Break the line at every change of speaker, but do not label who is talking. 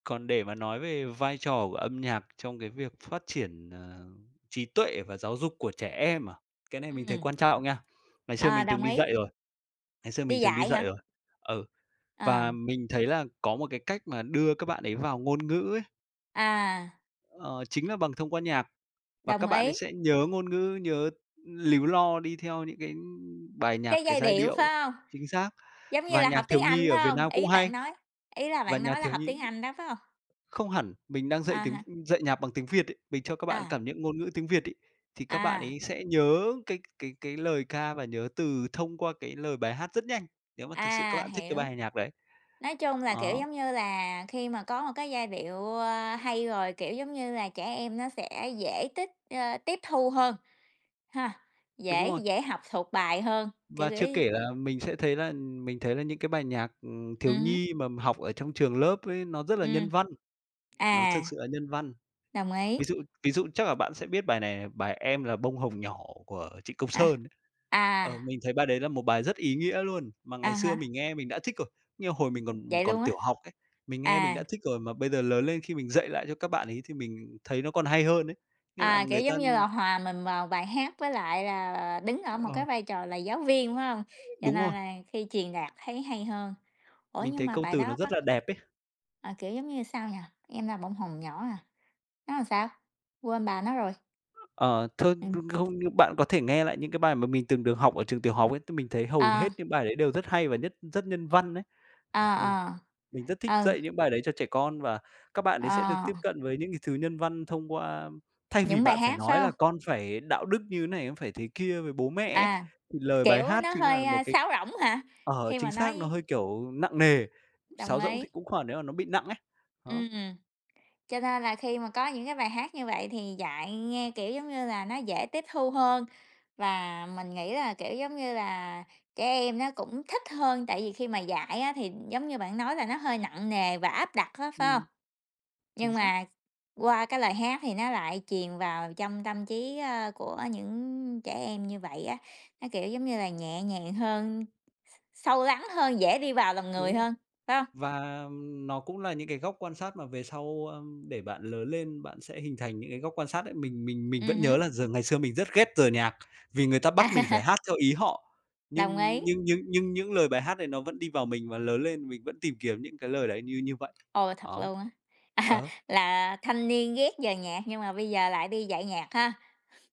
Còn để mà nói về vai trò của âm nhạc trong cái việc phát triển, à, trí tuệ và giáo dục của trẻ em à? Cái này mình thấy
Ừm.
quan trọng nha. Ngày xưa
Ờ,
mình từng
đồng
đi
ý.
dạy rồi, ngày xưa
Đi
mình từng đi
dạy
dạy
hả?
rồi. Ừ.
À.
Và mình thấy là có một cái cách mà đưa các bạn ấy vào ngôn ngữ ấy
À!
ờ, chính là bằng thông qua nhạc. Và các
Đồng
bạn ấy
ý.
sẽ nhớ ngôn ngữ, nhớ líu lo đi theo những cái, ưm, bài nhạc,
Cái
cái
giai
giai
điệu,
điệu.
phải hông?
Chính xác.
Giống như
Và
là
nhạc
học tiếng
thiếu nhi
Anh,
ở
phải
Việt
hông?
Nam cũng
Ý
hay.
bạn nói ý là
Và
bạn
nhà
nói là
thiếu
học
nhi
tiếng Anh đó, phải hông?
Không hẳn, mình đang dạy
À
tiếng
ha.
dạy nhạc bằng tiếng Việt ấy, mình cho các bạn
À.
cảm nhận ngôn ngữ tiếng Việt ấy, thì các bạn
À.
ấy sẽ nhớ cái cái cái lời ca và nhớ từ thông qua cái lời bài hát rất nhanh, nếu mà thực sự các
À,
bạn thích cái
hiểu.
bài hài nhạc đấy.
Nói chung là, kiểu,
Đó.
giống như là, khi mà có một cái giai điệu, a, hay rồi, kiểu, giống như là, trẻ em nó sẽ dễ tích, a, tiếp thu hơn ha,
Đúng
dễ
rồi.
dễ học thuộc bài hơn, kiểu,
Và
kiểu
chưa
như
kể
ừm.
là mình sẽ thấy là mình thấy là những cái bài nhạc, ừm, thiếu
Ừm hứm.
nhi mà mình học ở trong trường lớp ấy nó rất là
Ừm.
nhân văn. Nó
À!
thực sự là nhân văn.
Đồng ý.
Ví dụ ví dụ chắc là bạn sẽ biết bài này này, bài "Em là bông hồng nhỏ" của Trịnh Công
À.
Sơn.
À.
Ờ, mình thấy bài đấy là một bài rất ý nghĩa luôn mà ngày
À
xưa
ha.
mình nghe mình đã thích rồi. Như hồi mình còn
Vậy
còn
luôn á?
tiểu học ấy, mình nghe mình
À.
đã thích rồi mà bây giờ lớn lên khi mình dạy lại cho các bạn ấy thì mình thấy nó còn hay hơn ấy, nghĩa là
À, kiểu
người ta
giống như là hòa mình vào bài hát với lại là đứng ở một cái
Ờ.
vai trò là giáo viên, phải hông? Cho
Đúng
nên
rồi.
là khi truyền đạt thấy hay hơn. Ủa,
Mình
nhưng
thấy
mà
câu
bài
từ nó
đó
rất
bắt
là đẹp ấy.
à, kiểu giống như sao nhỉ? "Em là bông hồng nhỏ" hả, nó sao? Quên bà nó rồi.
Ờ, th ơ,
Ừm.
không, nhưng bạn có thể nghe lại những cái bài mà mình từng được học ở trường tiểu học ấy, thì mình thấy hầu
À.
hết những bài đấy đều rất hay và nhất rất nhân văn ấy.
Ờ,
Ờ.
ờ.
Mình rất thích
Ừ.
dạy những bài đấy cho trẻ con và các bạn
Ờ,
ấy sẽ được
ờ.
tiếp cận với những cái thứ nhân văn thông qua thay vì
Những bài
bạn phải
hát,
nói
phải
là
hông?
con phải đạo đức như thế này, con phải thế kia với bố mẹ ấy,
À.
thì lời bài
Kiểu
hát
nó
chính là
hơi,
một
ơ,
cái
sáo rỗng hả?
ờ,
Khi
chính
mà
xác, nó
nói
hơi kiểu nặng nề,
Đồng
sáo rỗng thì
ý.
cũng khoảng nếu mà nó bị nặng ấy. Đó.
Ừm. Cho nên là khi mà có những cái bài hát như vậy thì dạy nghe, kiểu, giống như là nó dễ tiếp thu hơn và mình nghĩ là, kiểu, giống như là, trẻ em nó cũng thích hơn, tại vì khi mà dạy á thì giống như bạn nói là nó hơi nặng nề và áp đặt á, phải hông?
Ừm. Chính
Nhưng
xác.
mà qua cái lời hát thì nó lại truyền vào trong tâm trí, a, của những trẻ em như vậy á, nó, kiểu, giống như là, nhẹ nhàng hơn, s s sâu lắng hơn, dễ đi vào lòng người
Đúng rồi.
hơn, phải hông?
Và, ừm, nó cũng là những cái góc quan sát mà về sau, a, để bạn lớn lên, bạn sẽ hình thành những cái góc quan sát đấy. Mình mình mình
Ừm
vẫn nhớ
hứm.
là dường ngày xưa mình rất ghét giờ nhạc, vì người ta bắt mình phải
À!
hát theo ý họ,
Đồng
nhưng
ý.
nhưng nhưng nhưng những lời bài hát này nó vẫn đi vào mình và lớn lên mình vẫn tìm kiếm những cái lời đấy như như vậy.
Ồ, thật
Đó.
luôn á. À,
Ờ.
là thanh niên ghét về nhạc, nhưng mà bây giờ lại đi dạy nhạc ha.